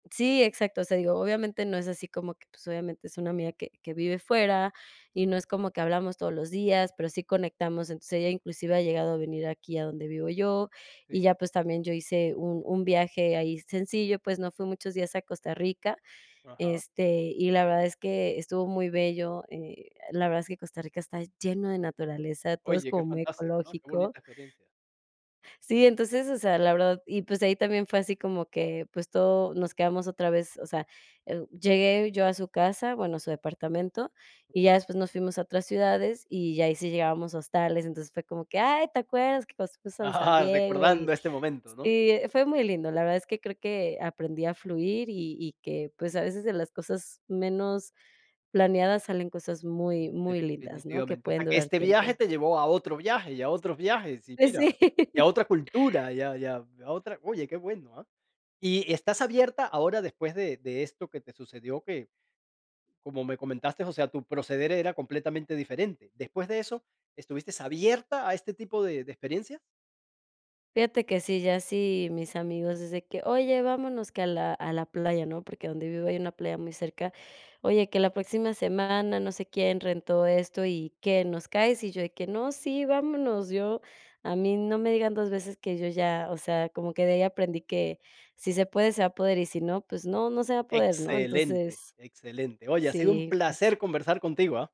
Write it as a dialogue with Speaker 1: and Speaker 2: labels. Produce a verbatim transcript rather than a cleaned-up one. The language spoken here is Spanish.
Speaker 1: Sí, exacto, o sea, digo, obviamente, no es así como que, pues, obviamente, es una amiga que que vive fuera y no es como que hablamos todos los días, pero sí conectamos, entonces, ella inclusive ha llegado a venir aquí a donde vivo yo, y
Speaker 2: Sí.
Speaker 1: ya, pues, también yo hice un un viaje ahí sencillo, pues, no fui muchos días a Costa Rica,
Speaker 2: Ajá.
Speaker 1: este, y la verdad es que estuvo muy bello, eh, la verdad es que Costa Rica está lleno de naturaleza, todo es
Speaker 2: Oye, qué
Speaker 1: como muy
Speaker 2: fantástico, ¿no? Qué
Speaker 1: ecológico.
Speaker 2: bonita experiencia.
Speaker 1: Sí, entonces, o sea, la verdad y, pues, ahí también fue así como que, pues, todo, nos quedamos otra vez, o sea, eh, uh, llegué yo a su casa, bueno, a su departamento, y ya después nos fuimos a otras ciudades, y ya, ahí sí llegábamos a hostales, entonces, fue como que: "¡Ay!, ¿te acuerdas que cuando fuimos a San
Speaker 2: Ah.
Speaker 1: Diego
Speaker 2: Recordando
Speaker 1: y?".
Speaker 2: este momento, ¿no?
Speaker 1: Sí, eh, fue muy lindo, la verdad es que creo que aprendí a fluir, y y que, pues, a veces de las cosas menos planeadas salen cosas muy, muy lindas, ¿no?, que
Speaker 2: Definitivamente, o sea,
Speaker 1: pueden
Speaker 2: que
Speaker 1: durar
Speaker 2: este viaje
Speaker 1: tiempo.
Speaker 2: te llevó a otro viaje y a otros viajes, y
Speaker 1: Pues,
Speaker 2: mira, y a
Speaker 1: sí.
Speaker 2: otra cultura y, a y, a y, a otra oye, qué bueno, ah. Y y, estás abierta ahora, después de de esto que te sucedió que, como me comentaste, o sea, tu proceder era completamente diferente. Después de eso, ¿estuviste abierta a este tipo de de experiencia?
Speaker 1: Fíjate que sí, ya así mis amigos, es de que: "Oye, vámonos que a la a la playa", ¿no? Porque donde vivo hay una playa muy cerca: "Oye, que la próxima semana, no sé quién, rentó esto y, ¿qué, nos caes?", y yo de que: "No, sí, vámonos", yo a mí no me digan dos veces que yo ya, o sea, como que de ahí aprendí que, si se puede, se va poder, y si no, pues no, no se va a poder, ¿no?
Speaker 2: Excelente,
Speaker 1: Entonces
Speaker 2: excelente. Oye, ha sido un
Speaker 1: Sí, pues.
Speaker 2: placer conversar contigo, ah.